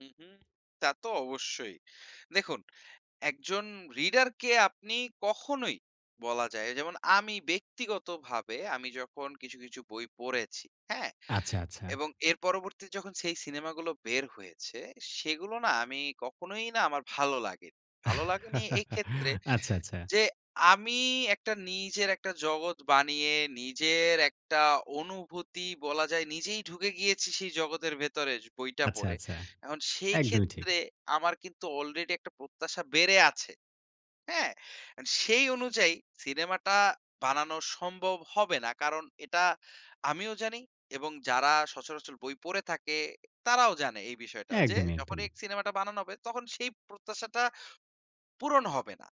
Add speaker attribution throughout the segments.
Speaker 1: হুম, হুম, তা তো অবশ্যই দেখুন, একজন reader কে আপনি কখনোই বলা যায় যেমন আমি ব্যক্তিগতভাবে আমি যখন কিছু, কিছু বই পড়েছি হ্যাঁ,
Speaker 2: আচ্ছা, আচ্ছা।
Speaker 1: এবং এর পরবর্তীতে যখন সেই সিনেমাগুলো বের হয়েছে সেগুলো না আমি কখনোই না আমার ভালো লাগেনি। ভালো লাগেনি এইক্ষেত্রে
Speaker 2: আচ্ছা, আচ্ছা।
Speaker 1: যে, আমি একটা নিজের একটা জগৎ বানিয়ে নিজের একটা অনুভূতি বলা যায় নিজেই ঢুকে গিয়েছি সেই জগতের ভেতরে যো বইটা
Speaker 2: আচ্ছা,
Speaker 1: পড়ে।
Speaker 2: আচ্ছা।
Speaker 1: এখন সেই
Speaker 2: একদমই ঠিক।
Speaker 1: ক্ষেত্রে আমার কিন্তু আলরেডি একটা প্রত্যাশা বেড়ে আছে। হ্যাঁ, সেই অনুযায়ী সিনেমাটা বানানো সম্ভব হবে না। কারণ এটা আমিও জানি এবং যারা সচরাচর বই পড়ে থাকে তারাও জানে এই বিষয়টা যে,
Speaker 2: একদমই,
Speaker 1: যখনই
Speaker 2: একদমই।
Speaker 1: সিনেমাটা বানানো হবে তখন সেই প্রত্যাশাটা পূরণ হবে না।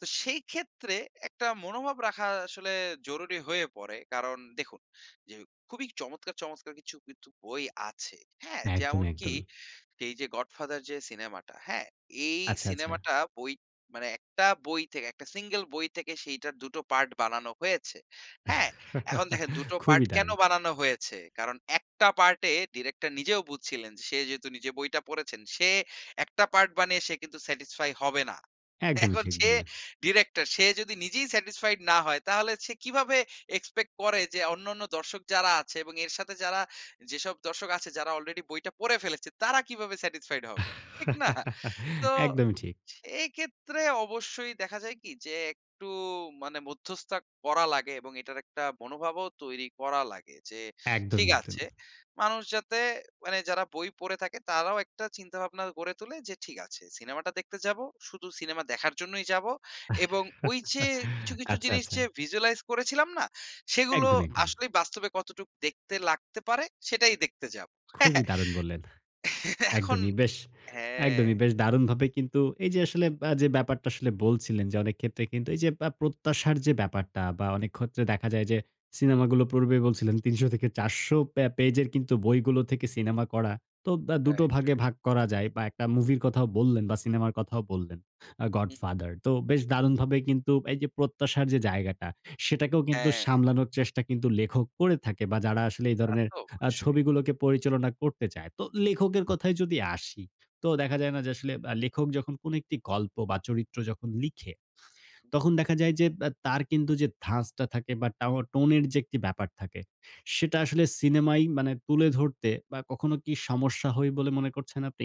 Speaker 1: তো সেই ক্ষেত্রে একটা মনোভাব রাখা আসলে জরুরি হয়ে পড়ে। কারণ দেখুন যে, খুবই চমৎকার, চমৎকার কিছু কিন্তু বই আছে। হ্যাঁ,
Speaker 2: একদমই,
Speaker 1: যেমনকি
Speaker 2: একদমই।
Speaker 1: এই যে, 'গডফাদার' যে, সিনেমাটা হ্যাঁ, এই
Speaker 2: আচ্ছা, আচ্ছা।
Speaker 1: সিনেমাটা বই মানে একটা বই থেকে মানে একটা সিঙ্গল বই থেকে সেইটার ২ টো পার্ট বানানো হয়েছে। হ্যাঁ, এখন দেখেন ২ টো পার্ট
Speaker 2: খুবই
Speaker 1: কেন
Speaker 2: দারুণ।
Speaker 1: বানানো হয়েছে? কারণ একটা পার্ট এ ডিরেক্টর নিজেও বুঝছিলেন সে যেহেতু নিজে বইটা পড়েছেন সে একটা পার্ট বানিয়ে সে কিন্তু satisfy হবে না।
Speaker 2: একদমই
Speaker 1: এখন
Speaker 2: ঠিক
Speaker 1: সে
Speaker 2: বললেন।
Speaker 1: ডিরেক্টর সে যদি নিজেই satisfied না হয় তাহলে সে কিভাবে expect করে যে, অন্যান্য দর্শক যারা আছে এবং এর সাথে যারা যেসব দর্শক আছে যারা আলরেডি বইটা পড়ে ফেলেছে তারা কিভাবে satisfied হবে। ঠিক না? তো
Speaker 2: একদমই ঠিক।
Speaker 1: সেই ক্ষেত্রে অবশ্যই দেখা যায় কি, যে, একটু মানে মধ্যস্থ করা লাগে এবং এটার একটা মনোভাবও তৈরি করা লাগে। যে, ঠিক
Speaker 2: একদমই,
Speaker 1: আছে
Speaker 2: একদমই।
Speaker 1: মানুষ যাতে মানে যারা বই পড়ে থাকে তারাও একটা চিন্তাভাবনা গড়ে তোলে যে, ঠিক আছে। সিনেমাটা দেখতে যাব, শুধু সিনেমা দেখার জন্যই যাবো। এবং ওই যে, কিছু, কিছু
Speaker 2: আচ্ছা,
Speaker 1: জিনিস
Speaker 2: আচ্ছা।
Speaker 1: যে, visualize করেছিলাম না সেগুলো
Speaker 2: একদমই, একদমই।
Speaker 1: আসলেই বাস্তবে কতটুকু দেখতে লাগতে পারে সেটাই দেখতে যাব হ্যাঁ,
Speaker 2: খুবই দারুণ বললেন,
Speaker 1: হ্যাঁ, এখন
Speaker 2: একদমই বেশ,
Speaker 1: হ্যাঁ।
Speaker 2: একদমই বেশ দারুণভাবে কিন্তু এই যে, আসলে আ ব্যাপারটা আসলে বলছিলেন, যে, অনেক ক্ষেত্রে কিন্তু এই যে, পা প্রত্যাশার যে, ব্যাপারটা বা অনেক ক্ষেত্রে দেখা যায় যে, সিনেমাগুলো পূর্বে বলছিলেন ৩০০ থেকে ৪০০ প্যা পেজের বইগুলো থেকে সিনেমা করা তো দা ২ টো
Speaker 1: রাইট,
Speaker 2: ভাগে
Speaker 1: রাইট।
Speaker 2: ভাগ করা যায় বা একটা মুভির কথাও বললেন বা সিনেমা কথাও বললেন, আ
Speaker 1: হুম।
Speaker 2: 'গডফাদার' তো বেশ দারুণভাবে কিন্তু এই যে, প্রত্যাশার যে, জায়গাটা সেটাকেও কিন্তু
Speaker 1: হ্যাঁ, হ্যাঁ।
Speaker 2: সামলানোর চেষ্টা কিন্তু লেখক করে থাকে বা যারা আসলে এই
Speaker 1: তা
Speaker 2: ধরনের
Speaker 1: তো
Speaker 2: আ
Speaker 1: অবশ্যই।
Speaker 2: ছবিগুলোকে পরিচালনা করতে চায়। তো লেখকের কথায় যদি আসি, তো দেখা যায় না যে, আসলে আ লেখক যখন কোন একটি গল্প বা চরিত্র যখন লিখে, তখন দেখা যায় যে, ব্যা তার কিন্তু যে, ধাঁচটা ধাসটা থাকে বা টাও টোন এর যে, একটি ব্যাপার থাকে, সেটা আসলে সিনেমাই মানে তুলে ধরতে বা কখনো কি সমস্যা হয় বলে মনে করছেন আপনি?